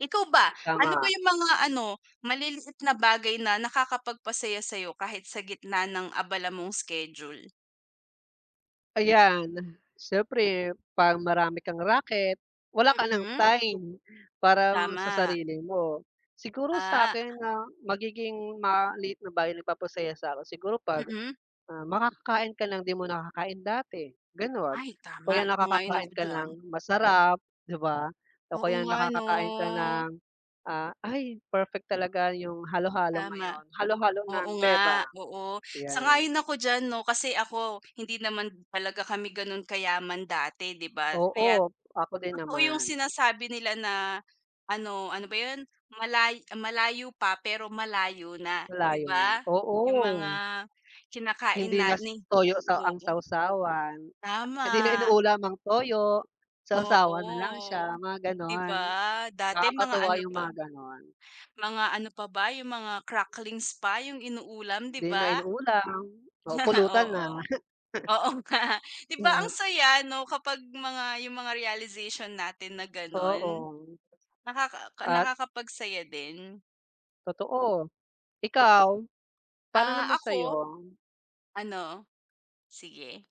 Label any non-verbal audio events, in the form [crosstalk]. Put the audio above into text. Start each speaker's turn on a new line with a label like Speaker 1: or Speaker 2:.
Speaker 1: Ikaw ba, ano ba
Speaker 2: Tama.
Speaker 1: yung mga ano, maliliit na bagay na nakakapagpasaya sa'yo kahit sa gitna ng abala mong schedule?
Speaker 2: Ayan, siyempre 'pag marami kang raket wala ka ng
Speaker 1: Mm.
Speaker 2: time para sa
Speaker 1: Tama.
Speaker 2: sarili mo. Siguro
Speaker 1: Ah.
Speaker 2: sa’kin, ah, magiging maliit na bagay nagpapasaya sa ako. Siguro 'pag,
Speaker 1: Mm.
Speaker 2: ah, makakakain ka ng 'di mo nakakain dati ganun.
Speaker 1: Ay, tama.
Speaker 2: Kaya
Speaker 1: Sang-ayon ako
Speaker 2: nakakakain ka
Speaker 1: diyan.
Speaker 2: ng masarap 'di ba, o
Speaker 1: Oo
Speaker 2: kaya
Speaker 1: nga 'no.
Speaker 2: nakakakain ka ng, ah, ay perfect talaga yung halo-halo
Speaker 1: Tama.
Speaker 2: ngayon. Halo-halo ng
Speaker 1: Oo nga,
Speaker 2: Bebang,
Speaker 1: oo.
Speaker 2: ‘yan.
Speaker 1: Sang-ayon ako diyan 'no. Kasi ako, hindi naman talaga kami ganun kayaman dati 'di ba. Kaya't
Speaker 2: Oo, ako din
Speaker 1: totoo yung
Speaker 2: naman.
Speaker 1: sinasabi nila na ano, ano ba yun, malay ah, "Malayo pa, pero malayo na." 'Di
Speaker 2: Malayo nga,
Speaker 1: ba, yung mga
Speaker 2: oo.
Speaker 1: kinakain
Speaker 2: Hindi
Speaker 1: na
Speaker 2: na s
Speaker 1: ni
Speaker 2: toyo sa ang
Speaker 1: oo,
Speaker 2: sawsawan. Hindi na
Speaker 1: tama.
Speaker 2: inuulam ang toyo, sawsawan nalang
Speaker 1: Oo,
Speaker 2: siya. Mga
Speaker 1: ‘di
Speaker 2: gano’n,
Speaker 1: ba. Dati mga
Speaker 2: nakakatuwa
Speaker 1: ano
Speaker 2: yung
Speaker 1: pa
Speaker 2: mga gano’n.
Speaker 1: mga ano pa ba yung mga cracklings pa yung inuulam 'di
Speaker 2: 'Di na
Speaker 1: ba?
Speaker 2: inuulam o
Speaker 1: [laughs]
Speaker 2: pulutan na.
Speaker 1: Oo, oo nga.
Speaker 2: [chuckles]
Speaker 1: 'Di ba ang
Speaker 2: Mhm.
Speaker 1: saya 'no kapag mga yung mga realization natin na ganun,
Speaker 2: Oo.
Speaker 1: nakaka
Speaker 2: At
Speaker 1: nakakapagsaya din.
Speaker 2: Totoo. Ikaw, paano
Speaker 1: Ah,
Speaker 2: naman
Speaker 1: ako
Speaker 2: sa'yo?
Speaker 1: ano? Sige.